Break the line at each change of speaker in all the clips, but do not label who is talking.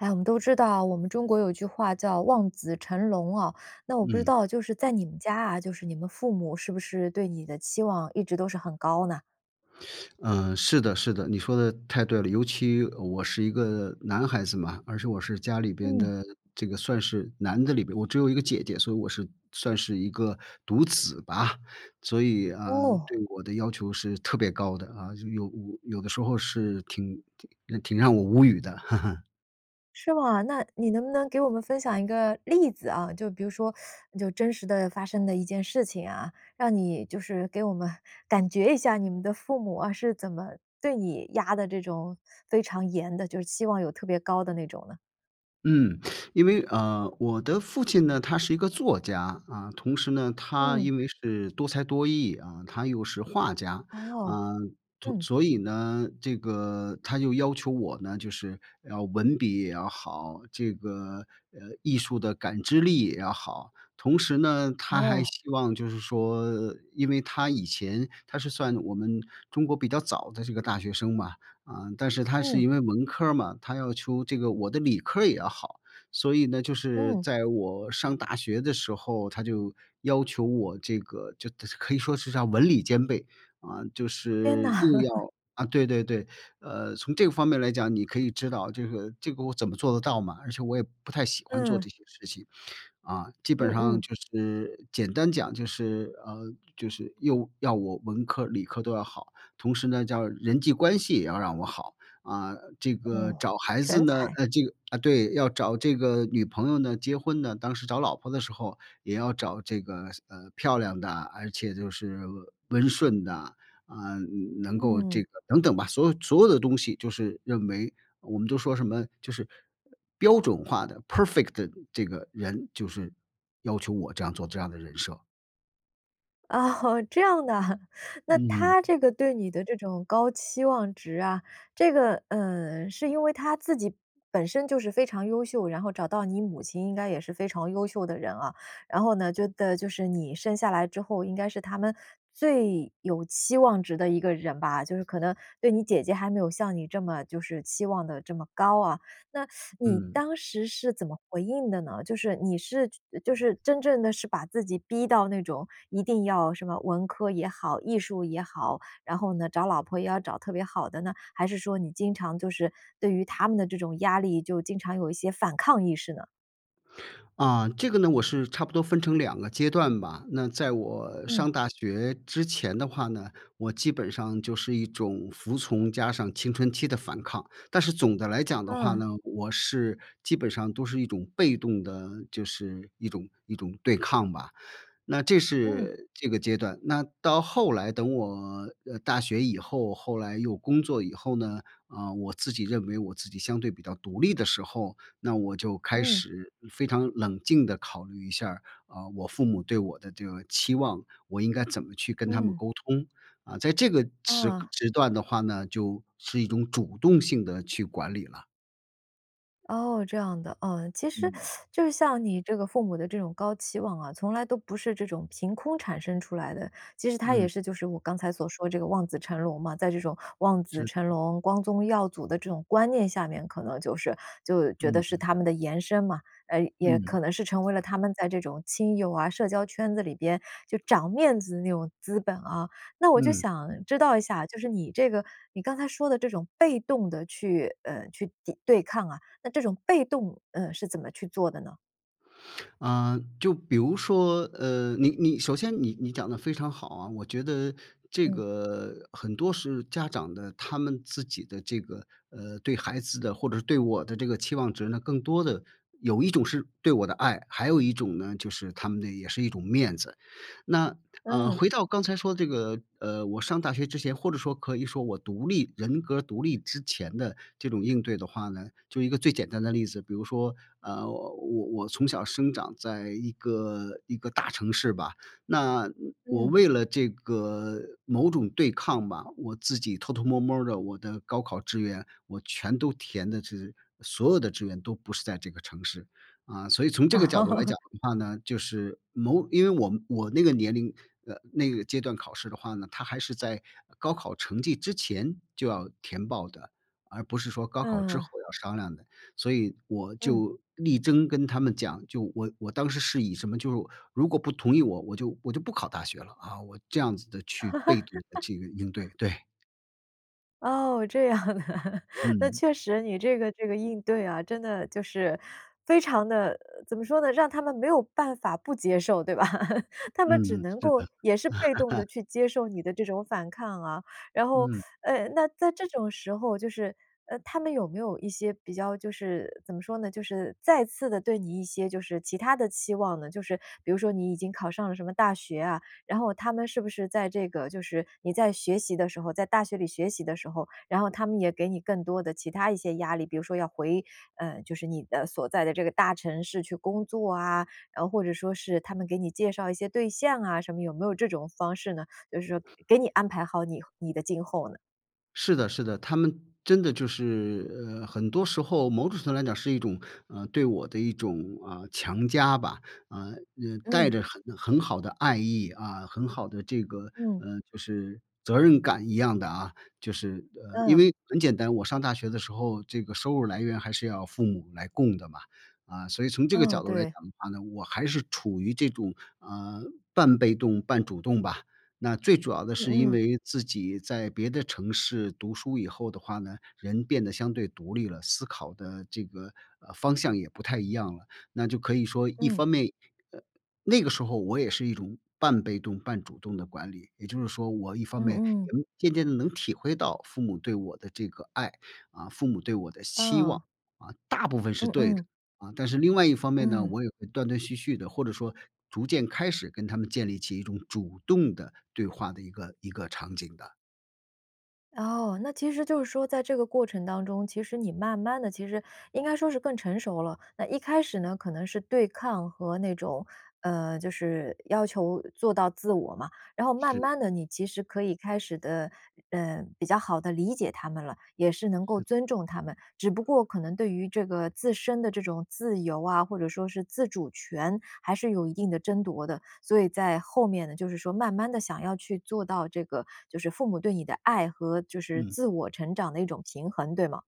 诶，我们都知道，我们中国有句话叫“望子成龙“啊。那我不知
嗯。
道就是在你们家啊，就是你们父母是不是对你的期望一直都是很高呢？
嗯，是的是的。你说得，太对了。尤其，呃，我是一个男孩子嘛，而且我是家里边
嗯。
的这个算是男的里边我只有一个姐姐，所以我是算是一个独子吧。所以，呃，对
哦。
我的要求是特别高的啊。就，有有的时候是挺挺挺让我无语的。
是吗？那你能不能给我们分享一个例子啊，就比如说，就真实地发生的一件事情啊。让你就是给我们感觉一下你们的父母啊，是怎么对你压得这种非常严的，就是期望有特别高的那种呢？
嗯，因为，呃，我的父亲呢，他是一个作家。啊，同时呢，他
嗯。
因为是多才多艺啊，他又是画家。
哎呦，
呃，同
嗯。
所以呢，这个他就要求我呢，就是要文笔也要好，这个，呃，艺术的感知力也要好。同时呢，他还
哦。
希望就是说因为他以前他是算我们中国比较早的这个大学生嘛，呃，但是他是
嗯。
因为文科儿嘛，他要求这个我的理科儿也要好。所以呢，就是
嗯。
在我上大学的时候，他就要求我这个就特就可以说是啥文理兼备。呃，就
天呐。
是又 要啊，对对对，呃，从这个方面儿来讲，你可以知道这个这个我怎么做得到嘛，而且我也不太喜欢做
嗯。
这些事情。啊，基
嗯
本上
嗯。
就是简单讲就是，呃，就是又要我文科儿理科儿都要好，同时呢，叫人际关系也要让我好。啊，这个
哦，
找孩子
全
呢，
才。
呃这个呃，对，要找这个女朋友呢，结婚呢，当时找老婆的时候，也要找这个，呃，漂亮的，而且就是温顺的，呃，能够这
嗯。
个等等吧，所有所有的东西就是认为我们都说什么，就是标准化的，perfect 的这个人，就是要求我这样做这样的人设。
啊哦，这样的哈。那
嗯。
他这个对你的这种高期望值啊，这个，呃，是因为他自己本身就是非常优秀，然后找到你母亲应该也是非常优秀的人啊。然后呢，就等就是你生下来之后，应该是他们最有期望值的一个人吧，就是可能对你姐姐还没有像你这么就是期望得这么高啊。那 你
嗯。
当时是怎么回应的呢？就是你是觉就是真正地是把自己逼到那种，一定要什么文科也好、艺术也好，然后呢，找老婆也要找特别好的呢？还是说你经常就是对于他们的这种压力，就经常有一些反抗意识呢？
啊，这个呢我是差不多分成2个阶段吧。那在我
嗯。
上大学之前的话呢，我基本上就是一种服从，加上青春期的反抗。但是总的来讲的话
嗯。
呢，我是基本上都是一种被动地，就是一种一种对抗吧。那这
嗯。
是这个阶段。那到后来等我，呃，大学以后，后来又工作以后呢，呃，我自己认为我自己相对比较独立的时候，那我就开
嗯。
始非常冷静地考虑一下儿，啊，我父母对我的这个期望，我应该怎么去跟他们
嗯。
沟通。嗯，在这个时
嗯。
时段的话呢，就是一种主动性地去管理了。
哦，这样的。呃，其实，
嗯。
就是像你这个父母的这种高期望啊，从来都不是这种凭空产生出来的，其实它也
嗯。
是就是我刚才所说这个望子成龙嘛，在这种望子
是
成
的。
龙、光宗耀祖的这种观念下面，可能就是就觉得
嗯
是
嗯。
他们的延伸嘛，呃，也
嗯。
可能是成为了他们在这种亲友啊，社交圈子里边，就长面子的那种资本啊。那我就
嗯。
想知道一下，就是你这个你刚才说的这种被动地去，呃，去抵对抗啊，那这种被动，呃，是怎么去做的呢？
啊，就比如说，呃，你你，首先你你讲得非常好啊。我觉得这
嗯。
个，很多是家长的，他们自己的这个，呃，对孩子的，或者是对我的这个期望值呢，更多的有一种是对我的爱，还有一种呢，就是他们的也是一种面子。那，呃，
嗯。
回到刚才说的这个，呃，我上大学之前，或者说可以说我独立人格儿独立之前的，这种应对的话呢就1个最简单的例子，比如说，呃，我我我从小生长在一个一个大城市吧，那，嗯，我
嗯。
为了这个，某种对抗吧，我自己偷偷摸儿摸儿地我的高考志愿，我全都填的是所有的志愿都不是在这个城市。啊，所以从这个角度来讲 的话呢，就是某因为我我那个年龄，呃，那个阶段考试的话呢，它还是在高考成绩之前就要填报的，而不是说高考之后
嗯。
要商量的。所以我
嗯。
就力争跟他们讲，就我我当时是以什么就是如果不同意我，我就我就不考大学了，啊，我这样子地去被动地去应对，对。
哦，这样啊。那
嗯。
确实你这个这个应对啊，真的就是，非常地，怎么说呢，让他们没有办法不接受，对吧？他们只
嗯，
能
是
够
的。
也是被动地 去接受你的这种反抗啊，然后，
嗯。
呃，那在这种时候，就是，呃，他们有没有一些比较就是怎么说呢，就是再次地对你一些就是其他的期望呢？就是比如说你已经考上了什么大学啊，然后他们是不是在这个就是你在学习的时候在大学里学习的时候，然后他们也给你更多的其他一些压力，比如说要回，呃，就是你的所在的这个大城市去工作啊，然后或者说是，他们给你介绍一些对象啊，什么有没有这种方式呢？就是说，给你安排好你你的今后呢？
是的是的，他们真的就是，呃，很多时候某种程度来讲是一种，呃，对我的一种，啊，强加吧。呃，嗯，带
嗯。
着很很好的爱意，啊，很好的这个，
嗯。
嗯就是责任感一样的啊。就是，呃，因
嗯。
为，很简单，我上大学的时候，这个收入来源还是要父母来供的嘛。啊，所以从这个
嗯，
角度来
对。
讲的话呢，我还是处于这种，呃，半被动半主动吧。那最主要的
嗯
是因
嗯。
为自己在别的城市，读书以后的话呢，人变得相对独立了，思考的这个，呃，方向也不太一样了。那就可以说一
嗯。
方面，呃，那个时候我也是一种半被动半主动的管理，也就是说，我一方
嗯
面
嗯。
也渐渐地能体会到，父母对我的这个爱，啊，父母对我的期望，
嗯。
啊，大部分是
嗯
对的。
嗯。
啊，但是另外一方面呢，
嗯。
我也会断断续续地或者说逐渐开始，跟他们建立起一种主动的，对话的一个一个场景的。
哦，那其实就是说在这个过程当中，其实你慢慢地其实应该说是更成熟了。那一开始呢，可能是对抗和那种呃，就是要求做到自我嘛。然后慢
是。
慢地，你其实可以开始地，呃，比较好地理解他们了，也是能够
是。
尊重他们。只不过可能对于这个自身的这种自由啊，或者说是自主权，还是有一定的争夺的。所以在后面呢，就是说慢慢地想要去做到这个就是父母对你的爱和就是
嗯。
自我成长的一种平衡，对吗？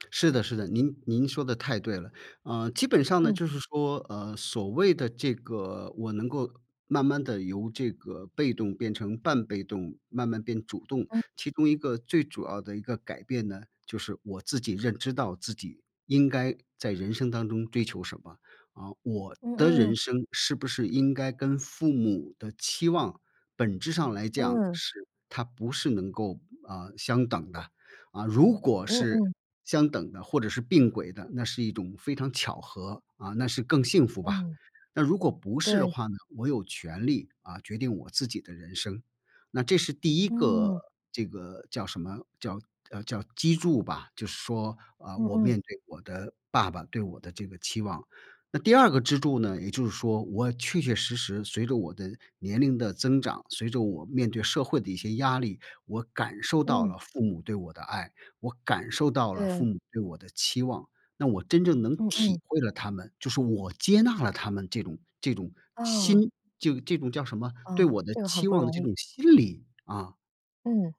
是的是的。您您说的太对了。呃，基本上呢，
嗯。
就是说，呃，所谓的这个我能够慢慢地由这个被动变成半被动，慢慢变主动，
嗯。
其中一个最主要的一个改变呢，就是我自己认知到自己，应该在人生当中追求什么。呃，我
嗯
的
嗯。
人生是不是应该跟父母的期望本质上来讲
嗯。
是它不是能够，呃，相等的。呃，如果
嗯
是
嗯。
相等的或者是并轨的，那是一种非常巧合，啊，那是更幸福吧。
嗯。
那如果不是的
对。
话呢，我有权利，啊，决定我自己的人生。那这是第1个，
嗯。
这个叫什么，叫叫，呃，叫基柱吧。就是说，啊，
嗯
我
嗯。
面对我的爸爸对我的这个期望。那第2个支柱呢，也就是说，我确确实实，随着我的年龄的增长，随着我面对社会的一些压力，我感受到
嗯。
了父母对我的爱，我感受到了父
对。
母对我的期望，那我真正能
嗯
体
嗯。
会了他们，就是我接纳了他们这种这种
哦。
心就这种叫什么，
啊，
对我的
这个很
期
不
望的
容
这种
易。
心理，啊。
嗯，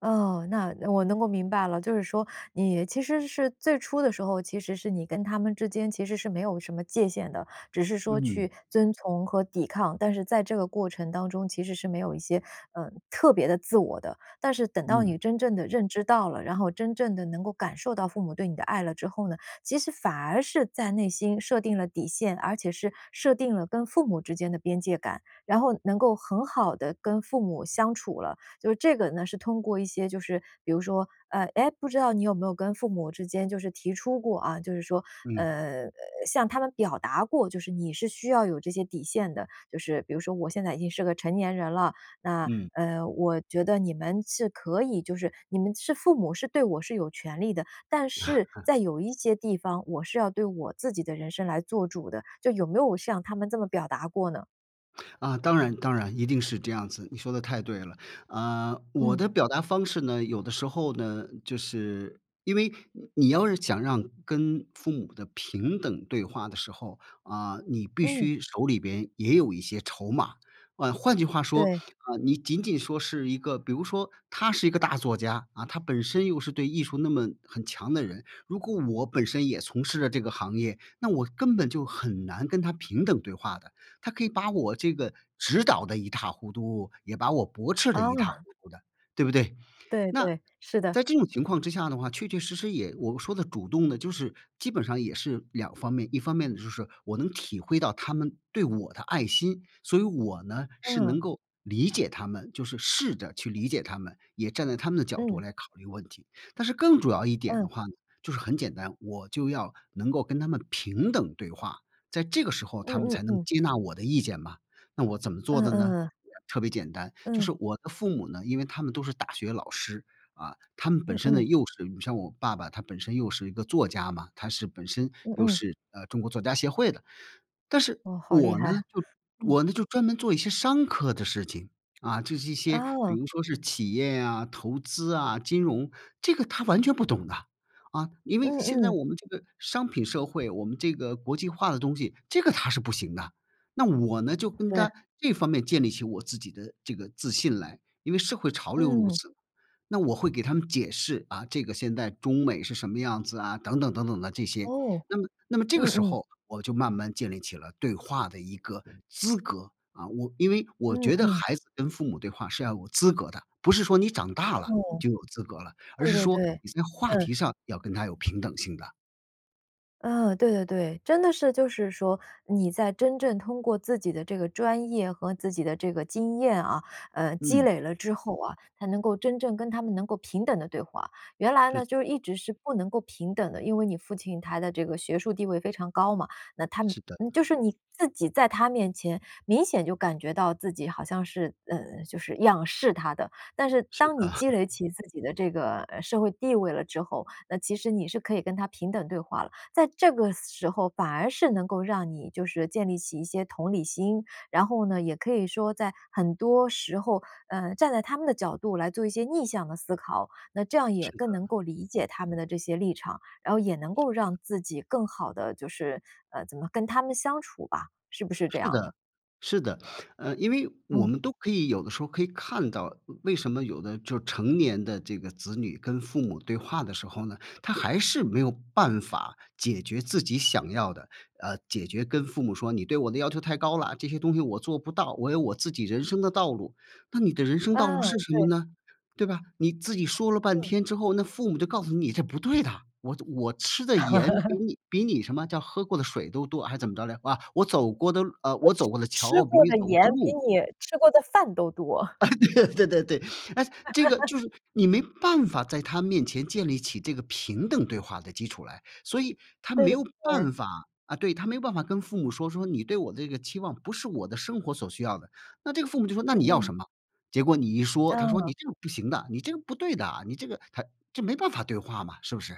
哦，那我能够明白了。就是说，你其实是最初的时候，其实是你跟他们之间其实是没有什么界限的，只是说
嗯。
去遵从和抵抗。但是在这个过程当中，其实是没有一些，呃，特别的自我的。但是等到
嗯。
你真正地认知到了，然后真正地能够感受到父母对你的爱了之后呢，其实反而是在内心设定了底线，而且是设定了跟父母之间的边界感，然后能够很好地跟父母相处了。就是这个呢，是通过一些就是，比如说呃，诶，不知道你有没有跟父母之间就是提出过啊，就是说，
嗯。
呃，向他们表达过，就是你是需要有这些底线的，就是比如说“我现在已经是个成年人了，那，
嗯。
呃，我觉得你们是可以就是你们是父母，是对我是有权利的，但是 在有一些地方，我是要对我自己的人生来做主的。”就有没有向他们这么表达过呢？
啊，当然当然，一定是这样子，你说得太对了。呃，我
嗯。
的表达方式呢，有的时候呢，就是因为你你要是想让跟父母的平等对话的时候，啊，你必
嗯。
须手里边也有一些筹码。呃，换句话说，
对。
啊，你仅仅说是一个比如说他是一个大作家，啊，他本身又是对艺术那么很强的人，如果我本身也从事了这个行业，那我根本就很难跟他平等对话的。他可以把我这个指导得一塌糊涂，也把我驳斥得
哦。
一塌糊 嘟的，对不对？
对
那，
对，是的。
在这种情况之下的话，确确实实也我说的主动呢，就是基本上也是两方面：一方面呢就是，我能体会到他们对我的爱心，所以我呢，是
嗯。
能够理解他们就是试着去理解他们，也站在他们的角度
嗯。
来考虑问题。但是更主要一点
嗯。
的话呢，就是很简单，我就要能够跟他们平等对话，在这个时候
嗯
他们
嗯
才能
嗯。
接纳我的意见嘛。那我怎么做
嗯
的
嗯
呢？
嗯。
特别简单，就
嗯。
是我的父母呢，因为他们都是大学老师，啊，他们本
嗯
身呢
嗯。
又是你像我爸爸他本身又是一个作家嘛，他是本身
嗯
又
嗯。
是，呃，中国作家协会的。但是
哦，好厉
我
害。
呢就
嗯。
我呢就专门做一些商科的事情，啊，就是一些比
啊。
如说是企业呀、投资啊、金融，这个他完全不懂的啊！啊，因为
嗯
现在
嗯。
我们这个商品社会，我们这个国际化的东西，这个他是不行的啊。那我呢，就跟
对。
他这方面建立起我自己的这个自信来，因为社会潮流如
嗯。
此。那我会给他们解释，啊，这个现在中美是什么样子啊，等等等等的这些，
哦，
那么那么这个
嗯
时
嗯。
候，我就慢慢建立起了对话的一个资格。啊，我因为我
嗯
觉得
嗯。
孩子跟父母对话是要有资格的，不是说你长大了
嗯。
就有资格了，而
对
是
对
说
对，
你在话
嗯。
题上要跟他有平等性的。
嗯，对对对。真的是就是说，你在真正通过自己的这个专业和自己的这个经验啊，呃，积
嗯。
累了之后啊，才能够真正跟他们能够平等地对话。原来
是。
呢，就一直是不能够平等的，因为你父亲他的这个学术地位非常高嘛，那他们
是的。
就是你自己在他面前，明显就感觉到自己好像是，嗯就是仰视他的。但是
是
当你
的。
积累起自己的这个，呃社会地位了之后，那其实你是可以跟他平等对话了。在这个时候反而是能够让你就是建立起一些同理心，然后呢，也可以说在很多时候，嗯，站在他们的角度来做一些逆向的思考，那这样
是
也更能
的。
够理解他们的这些立场，然后也能
是
够
的。
让自己更好地就是，呃，怎么跟他们相处吧，是不是这
是
样的？
的，是的。呃，因为我
嗯。
们都可以有的时候可以看到，为什么有的就是成年的这个子女跟父母对话的时候呢，他还是没有办法解决自己想要的，呃，解决跟父母说：“你对我的要求太高啦，这些东西我做不到，我有我自己人生的道路。”那你的人生道路
哦，
是什么
对。
呢？对吧？你自己说了半
嗯。
天之后，那父母就告诉你这不对的，我我吃的盐比 你比你什么叫喝过的水都多还怎么着来？啊，我走过的啊我走过的
吃
桥比
过
你
的
走过
盐
的
比
路
你吃过的饭都多。
啊，对对对对对，哎，这个 就是你没办法在他面前建立起这个平等对话的基础来，所以他
对
没
对
有
对。
办法啊，对，他没办法跟父母说，说：“你对我这个期望不是我的生活所需要的。”那这个父母就说：“那
嗯
你要
嗯。
什么？”结果你一说，他说：
嗯。
“你这个不行的，你这个不对的，你这个”他这没办法对话嘛，是不是？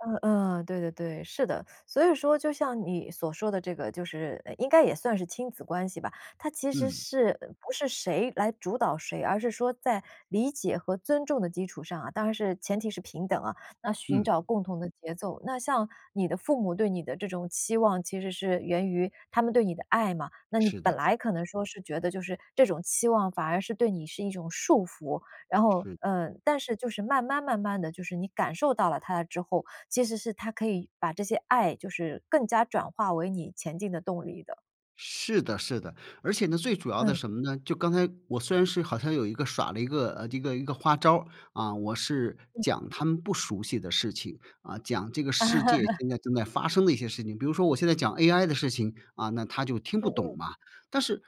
嗯嗯，对对对，是的，所以说就像你所说的这个就是，呃，应该也算是亲子关系吧。它其实
嗯。
是，不是谁来主导谁，而是说在理解和尊重的基础上啊，当然是前提是平等啊，那寻
嗯。
找共同的节奏。那像你的父母对你的这种期望其实是源于，他们对你的爱嘛。那你
是
本
的。
来可能说是觉得就是，这种期望反而是对你是一种束缚，然后，
是。
呃，但是就是慢慢慢慢地，就是你感受到了它之后，其实是他可以把这些爱就是更加转化为你前进的动力的。
是的是的，而且呢，最主要的
嗯。
什么呢？就刚才，我虽然是好像有一个耍了一个这一个一个花招儿，啊，我是
嗯。
讲他们不熟悉的事情，啊，讲这个世界 现在正在发生的一些事情，比如说我现在讲 AI 的事情，啊，那他就听
嗯
不懂
嗯。
嘛。但是，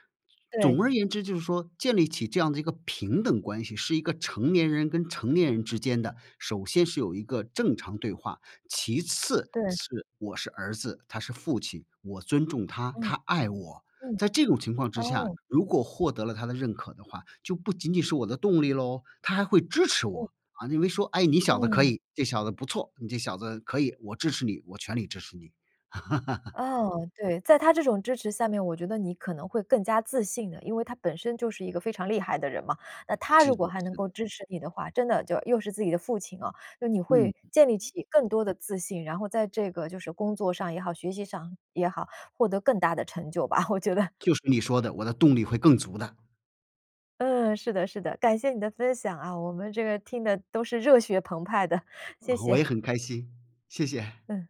对。
总而言之就是说建立起这样的一个平等关系，是一个成年人跟成年人之间的首先是有一个正常对话，其次
对。
是我是儿子，他是父亲，我尊重他，
嗯，
他爱我。
嗯，
在这种情况之下，
哦。
如果获得了他的认可的话，就不仅仅是我的动力咯，他还会支持
嗯。
我，啊，认为说：“哎，你小子可
嗯。
以，这小子不错，你这小子可以，我支持你，我全力支持你。”
哦，对，在他这种支持下面，我觉得你可能会更加自信的，因为他本身就是一个非常厉害的人嘛。那他
是
如果
的
还能
是
够
的。
支持你的话，真的就又是自己的父亲啊，就你
嗯
会建立
嗯。
起更多的自信，然后在这个就是工作上也好，学习上，也好，获得更大的成就吧，我觉得。
就是你说的，我的动力会更足的。
嗯，是的是的，感谢你的分享啊，我们这个听得都是热血澎湃的，谢
哦，我
谢。
也很开心，谢谢。
嗯。